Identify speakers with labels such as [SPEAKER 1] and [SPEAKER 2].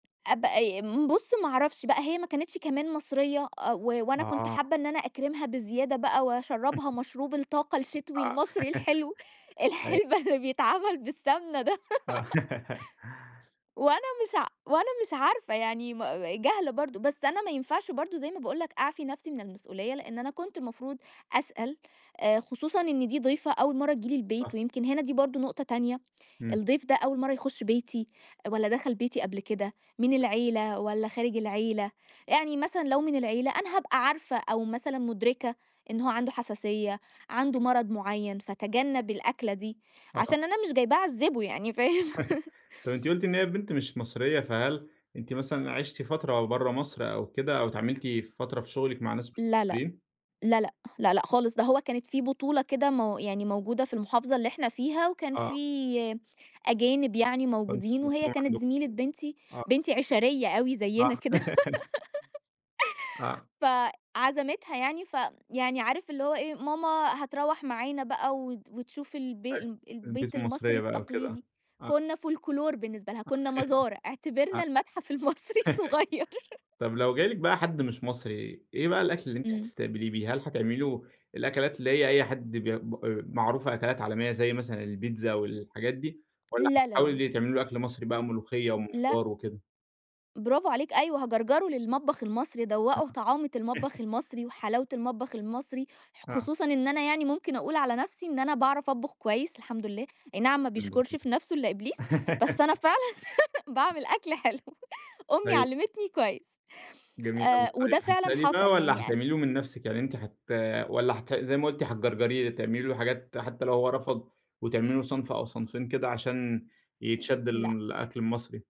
[SPEAKER 1] أب أي م بُصّ ما أعرفش بقى هي ما كانتش كمان مصرية، أ و وأنا كُنت
[SPEAKER 2] آه.
[SPEAKER 1] حابة إن أنا أكرِِمها بزيادة بقى، وأشرّبها مشروب الطاقة
[SPEAKER 2] آه،
[SPEAKER 1] الشتوي المصري الحلو،
[SPEAKER 2] أيوه.
[SPEAKER 1] الحلبة اللي بيتعملّ بالسمنة ده.
[SPEAKER 2] آه.
[SPEAKER 1] وأنا مش ع وأنا مش عارفة يعني مأ جاهلة برضه، بس أنا ما ينفعش برضه زي ما باقول لَك أعفي نفْسي من المسؤولية، لإن أنا كنت المفروض أسأل، آآ خصوصًا إن دي ضيفة أول مَرّة تيجي لي
[SPEAKER 2] صح.
[SPEAKER 1] البيت، ويمكن هنا دي برضه نقطة تانية،
[SPEAKER 2] إمم.
[SPEAKER 1] الضيف ده أول مَرّة يخُش بيتي، والّا دخل بيتي قبل كده، من العيلة والّا خارج العيلة، يعني مثلًا لو من العيلة أنا هابقى عارفة، أو مثلًا مُدركة إن هو عنده حساسية، عنده
[SPEAKER 2] [unintelligible]
[SPEAKER 1] مرض مُعيّن، فاتجنَب الأكلة دي،
[SPEAKER 2] آه.
[SPEAKER 1] عشان أنا مش جايباه أعذّبه يعني فاهم؟
[SPEAKER 2] طيب أنتِ قُلتِ إن هي البنت مش مصرية، فهل أنتِ مثلًا عِشتِ فترة أو برّه مصر أو كده، أو اتعاملتِ فترة في شُغلِك مع ناس مش
[SPEAKER 1] لا، لأ،
[SPEAKER 2] مصريين؟
[SPEAKER 1] لا، لأ، لا، لأ، خالص، ده هو كانت في بطولة كده مو يعني موجودة في المحافظة اللي إحنا فيها، وكان
[SPEAKER 2] آه.
[SPEAKER 1] في أجانب يعني موجودين،
[SPEAKER 2] فأنتم
[SPEAKER 1] وهي
[SPEAKER 2] [unintelligible]
[SPEAKER 1] كانت
[SPEAKER 2] عندكم،
[SPEAKER 1] زميلة بنتي،
[SPEAKER 2] آه.
[SPEAKER 1] بنتي عِشَريّة أوي
[SPEAKER 2] آه.
[SPEAKER 1] زيّنا كده.
[SPEAKER 2] آه.
[SPEAKER 1] فعزمِتها يعني، فيعني عارف اللي هو إيه، ماما هتروّح معانا بقى وت وتشوف البي
[SPEAKER 2] أيوه،
[SPEAKER 1] ال البيت
[SPEAKER 2] البيوت
[SPEAKER 1] المصري
[SPEAKER 2] المصرية بقى وكده
[SPEAKER 1] التقليدي،
[SPEAKER 2] آه، آه.
[SPEAKER 1] كُنّا فولكلور بالنسبة لها،
[SPEAKER 2] [unintelligible] آه،
[SPEAKER 1] كُنّا مزار، اعتبرنا المتحف المصري الصُغير.
[SPEAKER 2] طب لو جالِك بقى حد مش مصري، إيه بقى الأكل اللي أنتِ
[SPEAKER 1] إمم.
[SPEAKER 2] هتستقبليه بيه؟ هل هتعمِلي له الأكلات اللي هي أي حد بي م أ معروفة أكلات عالمية زي مثلًا، البيتزا والحاجات دي؟ والّا
[SPEAKER 1] لا، لا، لا، لا.
[SPEAKER 2] هتحاولي تعملي له أكل مصري بقى ملوخية،
[SPEAKER 1] لأ.
[SPEAKER 2] ومُمبار وكده؟
[SPEAKER 1] براڤو عليك، أيوه. هاجَرْجَره للمطبخ المصري، ادوّقُه
[SPEAKER 2] [unintelligible]
[SPEAKER 1] طعامة المطبخ المصري، وحلاوة المطبخ المصري، ح
[SPEAKER 2] آه.
[SPEAKER 1] خصوصًا إن أنا يعني مُمكن أقول على نفْسي إن أنا باعرف أطبُخ كويس الحمد لله، أي نعَم ما بيشكُرش
[SPEAKER 2] الحمدلله.
[SPEAKER 1] في نفْسه إلا إبليس، بس أنا فعلًا باعمل أكل حلو، أمّي
[SPEAKER 2] أيوه.
[SPEAKER 1] علّمِتني كويس،
[SPEAKER 2] جميل أوي
[SPEAKER 1] آآ
[SPEAKER 2] طيب،
[SPEAKER 1] وده فعلًا
[SPEAKER 2] هتسأليه بقى،
[SPEAKER 1] حصل
[SPEAKER 2] والّا
[SPEAKER 1] يعني أن
[SPEAKER 2] هتعملي له من نفْسِك يعني أنتِ هت والّا هت زي ما قُلتِ هتجَرْجَريه تعملي له حاجات حتّى لو هو رفض، وتعملي له صنف أو صنفين كده عشان،
[SPEAKER 1] م م
[SPEAKER 2] يتشد
[SPEAKER 1] لأ.
[SPEAKER 2] للأكل المصري؟